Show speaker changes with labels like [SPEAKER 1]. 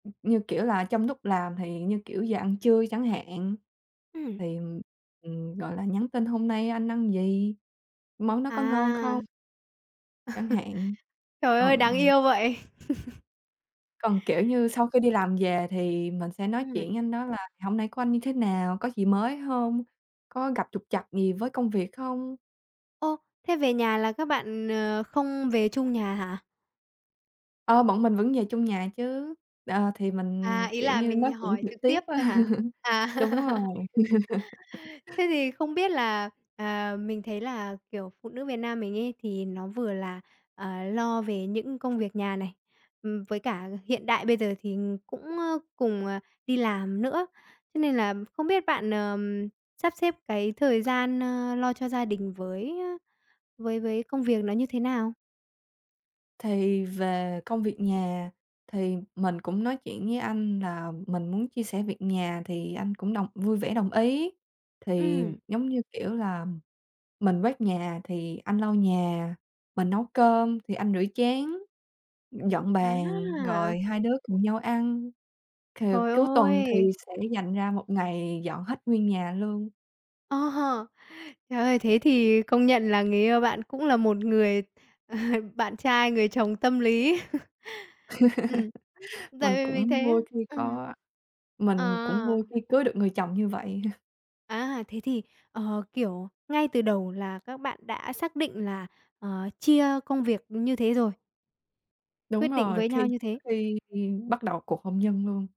[SPEAKER 1] Như kiểu là, trong lúc làm thì như, kiểu, giờ ăn trưa chẳng hạn.
[SPEAKER 2] Ừm.
[SPEAKER 1] Thì, ừm, gọi là, nhắn tin: "Hôm nay anh ăn gì? Món đó có ngon không?"
[SPEAKER 2] À!
[SPEAKER 1] Chẳng hạn.
[SPEAKER 2] Trời ơi,
[SPEAKER 1] Ừ.
[SPEAKER 2] đáng yêu vậy!
[SPEAKER 1] Còn, kiểu như, sau khi đi làm về thì mình sẽ nói
[SPEAKER 2] Ừm.
[SPEAKER 1] chuyện với anh đó là "Hôm nãy của anh như thế nào? Có gì mới hông, có gặp trục trặc gì với công việc không?"
[SPEAKER 2] Ô! Thế về nhà là các bạn, ờ, không về chung nhà hả?
[SPEAKER 1] Ờ, bọn mình vẫn về chung nhà chứ, ờ, thì mình,
[SPEAKER 2] À, ý
[SPEAKER 1] kiểu
[SPEAKER 2] là
[SPEAKER 1] như, nói
[SPEAKER 2] mình
[SPEAKER 1] chuyện
[SPEAKER 2] hỏi
[SPEAKER 1] trực
[SPEAKER 2] trực
[SPEAKER 1] tiếp
[SPEAKER 2] tiếp
[SPEAKER 1] á,
[SPEAKER 2] thôi hả? À!
[SPEAKER 1] đúng rồi.
[SPEAKER 2] Thế thì không biết là, à, mình thấy là, kiểu, phụ nữ Việt Nam mình ấy thì nó vừa là, à, lo về những công việc nhà này, ừm, với cả hiện đại bây giờ thì cũng, ờ, cùng, à, đi làm nữa. Thế nên là không biết bạn, ờ, sắp xếp cái thời gian, ơ, lo cho gia đình với với với công việc nó như thế nào?
[SPEAKER 1] Thì về công việc nhà thì mình cũng nói chuyện với anh là mình muốn chia sẻ việc nhà thì anh cũng đồng vui vẻ đồng ý. Thì
[SPEAKER 2] Ừm.
[SPEAKER 1] giống như, kiểu là, mình quét nhà thì anh lau nhà, mình nấu cơm thì anh rửa chén, dọn
[SPEAKER 2] Á,
[SPEAKER 1] bàn rồi
[SPEAKER 2] à!
[SPEAKER 1] hai đứa cùng nhau ăn, thì
[SPEAKER 2] Trời
[SPEAKER 1] cuối tuần thì
[SPEAKER 2] ơi!
[SPEAKER 1] sẽ dành ra một ngày dọn hết nguyên nhà luôn.
[SPEAKER 2] Ờ. Trời ơi, thế thì công nhận là người yêu bạn cũng là một người bạn trai, người chồng tâm lý. Ừm,
[SPEAKER 1] Mình
[SPEAKER 2] tại vì mình
[SPEAKER 1] cũng
[SPEAKER 2] thấy là
[SPEAKER 1] vui khi
[SPEAKER 2] ừm.
[SPEAKER 1] có mình cũng
[SPEAKER 2] À!
[SPEAKER 1] vui khi cưới được người chồng như vậy ha.
[SPEAKER 2] À, thế thì, ờ, kiểu, ngay từ đầu là các bạn đã xác định là, ờ, chia công việc như thế rồi.
[SPEAKER 1] Đúng
[SPEAKER 2] Quyết định
[SPEAKER 1] rồi,
[SPEAKER 2] với
[SPEAKER 1] khi
[SPEAKER 2] nhau như
[SPEAKER 1] trước
[SPEAKER 2] thế.
[SPEAKER 1] khi bắt đầu cuộc hôn nhân luôn.